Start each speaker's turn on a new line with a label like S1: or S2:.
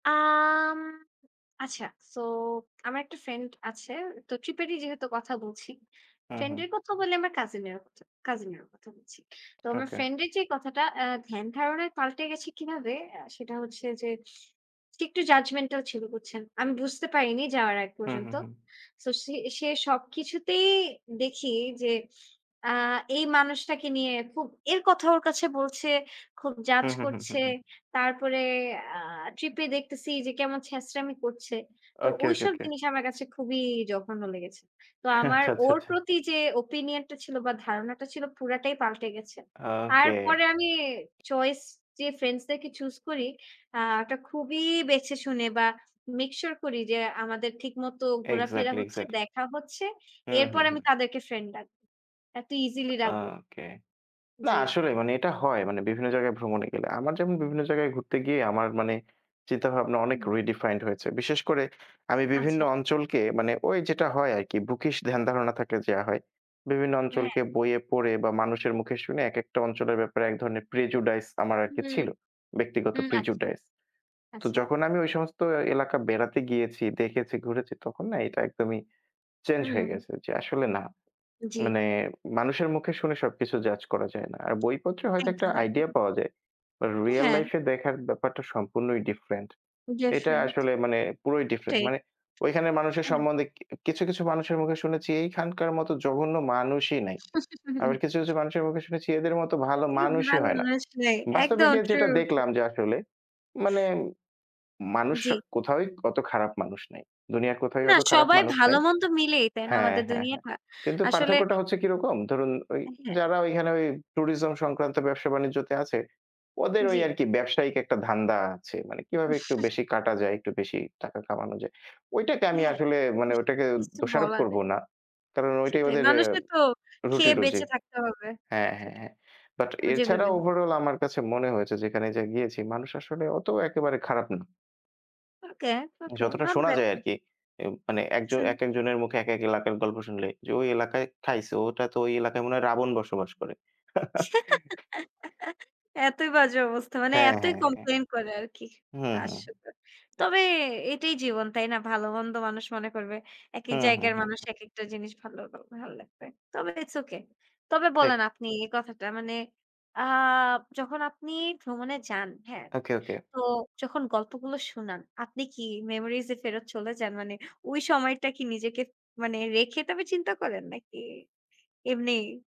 S1: আম আচ্ছা। সো, আমার একটা ফ্রেন্ড আছে। তো, ট্রিপেরই যেহেতু কথা বলছি।
S2: হুম,
S1: ফ্রেন্ড
S2: হুম।
S1: এর কথা বলে, আমার কাজিনেরও, কাজিন এর কথা বলছি। তো আমার
S2: ওকে।
S1: ফ্রেন্ড এর যে কথাটা এ্যা ধ্যান ধারণায় পাল্টে গেছে কিভাবে, সেটা হচ্ছে যে, একটু জাজমেন্টাল ছিল বুঝছেন। আমি বুঝতে পারিনি, যাওয়ার আগ
S2: হ, হ,
S1: পর্যন্ত।
S2: হুম।
S1: সো, সে সে সবকিছুতেই দেখি যে, আ এই মানুষটাকে নিয়ে খুব, এর কথা ওর কাছে বলছে, খুব জাজ
S2: হুম, হুম, হুম, হুম,
S1: করছে।
S2: হুম।
S1: তারপরে আ ট্রিপ এ দেখতেছি যে, কেমন ছেচরামি করছে। তো
S2: ওকে, ওকে,
S1: ঐসব
S2: ওকে।
S1: জিনিস, আমার কাছে খুবই জঘন্য লেগেছে। তো, আমার
S2: আচ্ছা, আচ্ছা,
S1: ওর
S2: আচ্ছা।
S1: প্রতি যে ওপিনিয়ন টা ছিল, বা ধারণাটা ছিল, পুরাটাই পাল্টে গেছে।
S2: ওকে।
S1: তারপরে আমি চয়েস, যে ফ্রেন্ডস দেরকে চুজ করি, আ এটা খুবই বেছে শুনে বা মেক সিওর করি যে, আমাদের ঠিক মতো ঘোরাফেরা
S2: এক্সাক্টলি,
S1: হচ্ছে,
S2: এক্সাক্টলি।
S1: দেখা হচ্ছে।
S2: হুম,
S1: এরপর
S2: হুম,
S1: আমি
S2: হুম।
S1: তাদেরকে ফ্রেন্ড ডাকবো। এতো ইজিলি রাখবো না।
S2: ওকে। না
S1: জি।
S2: আসলে, মানে এটা হয়। মানে বিভিন্ন জায়গায় ভ্রমণে গেলে। আমার যেমন বিভিন্ন জায়গায় ঘুরতে গিয়ে আমার মানে, চিন্তাভাবনা
S1: উ
S2: অনেক
S1: হুম।
S2: রিডিফাইন্ড হয়েছে। বিশেষ করে, আমি বিভিন্ন
S1: আচ্ছা।
S2: অঞ্চলকে মানে, ঐ যেটা হয় আরকি, বুকিস ধ্যান ধারণা থাকলে যা হয়। বিভিন্ন
S1: হ্যাঁ।
S2: অঞ্চলকে বইয়ে পড়ে বা মানুষের মুখে শুনে একেকটা অঞ্চলের ব্যাপারে এক ধরনের প্রেজুডাইস আমার আরকি
S1: হুম,
S2: ছিল। ব্যক্তিগত
S1: হুম। আচ্ছা,
S2: প্রেজুডাইস। তো,
S1: আচ্ছা।
S2: যখন আমি ঐ সমস্ত এলাকা বেড়াতে গিয়েছি, দেখেছি, ঘুরেছি, তখন না এটা একদমই চেঞ্জ হয়ে
S1: হুম।
S2: গেছে যে, আসলে না।
S1: জি।
S2: মানে, মানুষের মুখে শুনে, সবকিছু জাজ করা যায় না। আর বইপত্রে হয়তো একটা
S1: একদম,
S2: আইডিয়া
S1: একদম।
S2: পাওয়া যায়। রিয়াল
S1: হ্যাঁ।
S2: লাইফে দেখার ব্যাপারটা সম্পূর্ণই ডিফারেন্ট।
S1: জাস্ট
S2: এটা
S1: ফ্রেন্ড,
S2: আসলে মানে পুরোই ডিফারেন্ট
S1: এটাই।
S2: মানে ঐখানের মানুষের
S1: হ্যাঁ।
S2: সম্বন্ধে কিছু, কিছু মানুষের মুখে শুনেছি এইখানকার মত জঘন্য মানুষই নাই। আবার কিছু, কিছু মানুষের মুখে শুনেছি, এদের মতো ভালো
S1: এর থেকে
S2: মানুষই
S1: ভালো
S2: হয় না।
S1: মানুষ নাই। একদম
S2: বাস্তবিকে
S1: ট্রু
S2: যেটা
S1: ট্রু।
S2: দেখলাম যে, আসলে মানে, মানুষ
S1: জি।
S2: কোথাওই অত খারাপ মানুষ নাই। দুনিয়ার কোথাওই
S1: না,
S2: অত খারাপ
S1: সবাই
S2: মানুষ
S1: ভালো
S2: নাই।
S1: মন্দ মিলেই। তাই না?
S2: হ্যাঁ,
S1: আমাদের
S2: হ্যাঁ, হ্যাঁ।
S1: দুনিয়াটা,
S2: কিন্তু
S1: আসলে
S2: পার্থক্যটা হচ্ছে কিরকম, ধরুন
S1: হ্যাঁ।
S2: যারা ওইখানে ওই ট্যুরিজম সংক্রান্ত ব্যবসা বাণিজ্যতে আছে, ওদের ওই
S1: জি।
S2: আরকি ব্যবসায়িক একটা ধান্দা আছে। মানে কিভাবে একটু বেশি কাটা যায়, একটু বেশি টাকা কামানো যায়। ঐটাকে আমি
S1: হ্যাঁ,
S2: আসলে
S1: তা তো
S2: মানে, ওটাকে
S1: কিছু
S2: দোষারোপ
S1: বলার
S2: করব
S1: নেই।
S2: না। কারণ, ঐটাই
S1: সেটাই,
S2: ওদের
S1: মানুষের তো খেয়ে
S2: রুটিরুজি।
S1: বেঁচে থাকতে হবে।
S2: হ্যাঁ, হ্যাঁ,
S1: সেটা
S2: হ্যাঁ। বাট,
S1: এবার
S2: এছাড়া
S1: যেভাবেই হোক
S2: ওভারঅল আমার কাছে মনে হয়েছে, যেখানে গিয়েছি, মানুষ আসলে অত একেবারে খারাপ না।
S1: ওকে, ওকে,
S2: যতটা
S1: নট
S2: শোনা যায়
S1: ব্যাড।
S2: আরকি। মানে একজন
S1: হুম।
S2: একেকজনের মুখে একেক এলাকার গল্প শুনলে যে ঐ এলাকায় খাইছে। ওটা তো, ওই এলাকায় মনে হয়, রাবণ বসবাস করে।
S1: এতই বাজে অবস্থা। মানে,
S2: হ্যাঁ,
S1: এতই
S2: হ্যাঁ, হ্যাঁ।
S1: কমপ্লেইন করে আরকি।
S2: হ্যাঁ, হ্যাঁ।
S1: আসলেও, তবে এটাই জীবন, তাই না? ভাল, মন্দ, মানুষ মনে করবে। একেক
S2: হ্যাঁ, হ্যাঁ,
S1: জায়গার
S2: হ্যাঁ।
S1: মানুষ একেকটা জিনিস ভালো, ভালো লাগবে। তবে ইটস ওকে। তবে
S2: ঠিক।
S1: বলেন আপনি এই কথাটা মানে, আ যখন আপনি ভ্রমণে যান, হ্যাঁ।
S2: ওকে, ওকে।
S1: তো যখন গল্পগুলো শুনান, আপনি কি মেমোরিজ এ ফেরত চলে যান? মানে, ওই সময়টা কি নিজেকে মানে রেখে, তবে চিন্তা করেন? নাকি, এমনি?